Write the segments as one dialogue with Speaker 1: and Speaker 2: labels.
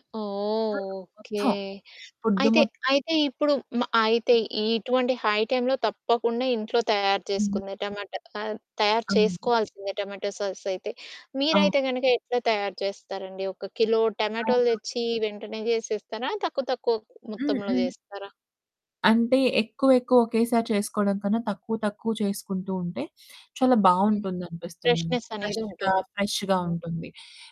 Speaker 1: ఓహ్!
Speaker 2: ఆ!
Speaker 1: ఓకే.
Speaker 2: మొత్తం ఫుడ్
Speaker 1: అయితే,
Speaker 2: మొ
Speaker 1: అయితే ఇప్పుడు మ అయితే ఇటువంటి హై టైమ్‌లొ తప్పకుండా ఇంట్లో తయారు చేసుకుంది టమాటా. కా తయారు
Speaker 2: అవును.
Speaker 1: చేసుకోవాల్సిందే టమాటో సాస్ అయితే.
Speaker 2: ఆ!
Speaker 1: మీరైతే కనుక ఎట్లా తయారు చేస్తారండి? ఒక కిలో టమాటోలు
Speaker 2: అవునా?
Speaker 1: తెచ్చి వెంటనే చేసేస్తారా? తక్కువ తక్కువ
Speaker 2: హ్మ్.
Speaker 1: మొత్తంలో
Speaker 2: హ్మ్.
Speaker 1: చేస్తారా?
Speaker 2: అంటే ఎక్కువ ఎక్కువ ఒకేసారి చేసుకోవడం కన్నా. తక్కువ తక్కువ చేసుకుంటూ ఉంటే, చాలా
Speaker 1: హ్మ్.
Speaker 2: బావుంటుంది అనిపిస్తుంది నాకు.
Speaker 1: ఫ్రెష్నెస్ అనేది
Speaker 2: ఫ్రెష్‌గా
Speaker 1: ఉంటుంది.
Speaker 2: ఫ్రెష్‌గా
Speaker 1: [unintelligible]
Speaker 2: ఉంటుంది.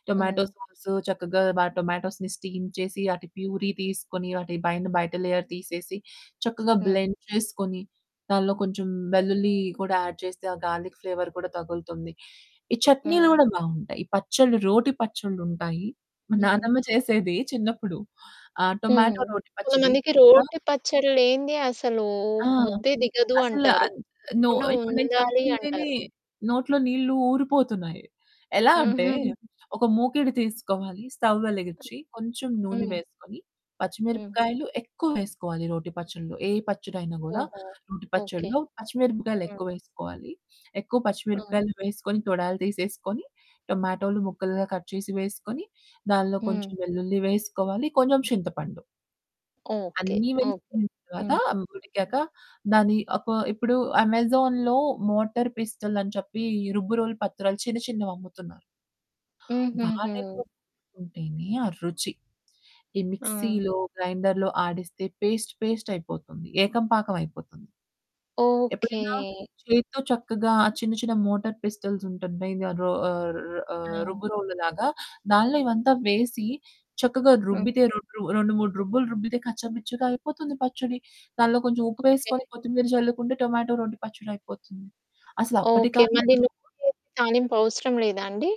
Speaker 2: టొమాటో
Speaker 1: హ్మ్.
Speaker 2: సాస్ చక్కగా టొమాటోస్‌ని స్టీమ్ చేసి ఆటి పూరీ తీసుకొని వాటి పైన బయట లేయర్ తీసేసి చక్కగా
Speaker 1: హ్మ్.
Speaker 2: బ్లెండ్ చేసుకొని. దాంట్లో కొంచెం
Speaker 1: హ్మ్.
Speaker 2: వెల్లుల్లి కూడా యాడ్ చేస్తే, ఆ గార్లిక్ ఫ్లేవర్ కూడా తగులుతుంది. ఈ చట్నీలు
Speaker 1: హ్మ్.
Speaker 2: కూడా బావుంటాయి. పచ్చడిలు రోటి పచ్చడ్లు ఉంటాయి. మా
Speaker 1: హ్మ్.
Speaker 2: నానమ్మ చేసేది చిన్నప్పుడు. ఆ
Speaker 1: హ్మ్.
Speaker 2: టొమాటో రోటి పచ్చడి.
Speaker 1: కొంతమందికి
Speaker 2: ఆ?
Speaker 1: రోటి పచ్చడి లేనిదే అసలు
Speaker 2: ఆ!
Speaker 1: ముద్దే దిగదు
Speaker 2: అసలు.
Speaker 1: అంటారు.
Speaker 2: అన్ నో.
Speaker 1: తప్పకుండా
Speaker 2: ఇప్పుడు నేను
Speaker 1: ఉండాలి
Speaker 2: చెప్తుంటేనే
Speaker 1: అంటారు.
Speaker 2: నోట్లో నీళ్ళు ఊరిపోతున్నాయి. ఎలా అంటే.
Speaker 1: హుహు.
Speaker 2: ఒక మూకిడి తీసుకోవాలి. స్టవ్ వెలిగించి. కొంచెం నూనె
Speaker 1: హ్మ్.
Speaker 2: వేసుకొని.
Speaker 1: హ్మ్.
Speaker 2: పచ్చిమిరపకాయలు ఎక్కువ వేసుకోవాలి రోటి పచ్చడిలో. ఏ పచ్చడి అయినా కూడా
Speaker 1: ఓహో!
Speaker 2: రోటి
Speaker 1: ఓకే.
Speaker 2: పచ్చడిలో పచ్చిమిరపకాయలు
Speaker 1: హ్మ్.
Speaker 2: ఎక్కువ వేసుకోవాలి. ఎక్కువ
Speaker 1: హ్మ్.
Speaker 2: పచ్చిమిరపకాయలు వేసుకొని తొడాలు తీసేసుకొని, టొమాటోలు ముక్కలుగా కట్ చేసి వేసుకొని. దానిలో
Speaker 1: హ్మ్.
Speaker 2: కొంచెం వెల్లుల్లి వేసుకోవాలి. కొంచెం చింతపండు.
Speaker 1: ఓకే.
Speaker 2: అన్ని
Speaker 1: ఓకే.
Speaker 2: వేసిన తర్వాత.
Speaker 1: హ్మ్.
Speaker 2: అవి ఉడికాక దాన్ని ఒక ఇప్పుడు అమెజాన్‌లో మోటార్ పిస్టోల్ అని చెప్పి రుబ్బురోలు పత్రాలు చిన్న చిన్నవి అమ్ముతున్నారు. వాటితో
Speaker 1: హుహుహు.
Speaker 2: రుబ్బుకుంటేనే ఆ రుచి. ఈ
Speaker 1: ఆ!
Speaker 2: మిక్సీ‌లో గ్రైండర్‌లో ఆడిస్తే, పేస్ట్ పేస్ట్ అయిపోతుంది. ఏకం పాకం అయిపోతుంది.
Speaker 1: ఓకే.
Speaker 2: ఎప్పుడైనా చేత్తో చక్కగా చిన్న చిన్న మోటార్ పిస్టల్స్ ఉంటాయి. మెయిన్‌గా రో ఆహ్ రు
Speaker 1: ఆ!
Speaker 2: రుబ్బు రోలు లాగా. దానిలో ఇవంతా వేసి చక్కగా
Speaker 1: హ్మ్.
Speaker 2: రుబ్బితే. రోమరు 2, 3 రుబ్బులు రుబ్బితే. కచ్చ పిచ్చగా అయిపోతుంది పచ్చడి. దానిలో కొంచెం ఉప్పు
Speaker 1: ఓకే.
Speaker 2: ఎసుకొని కొత్తిమీర చల్లుకుంటే టొమాటో రొటి పచ్చడి అయిపోతుంది. అసలు అప్పటి
Speaker 1: ఓకే. మళ్ళీ
Speaker 2: కాలంలో
Speaker 1: నూనెలో తాలింపు అవసరం లేదా అండి?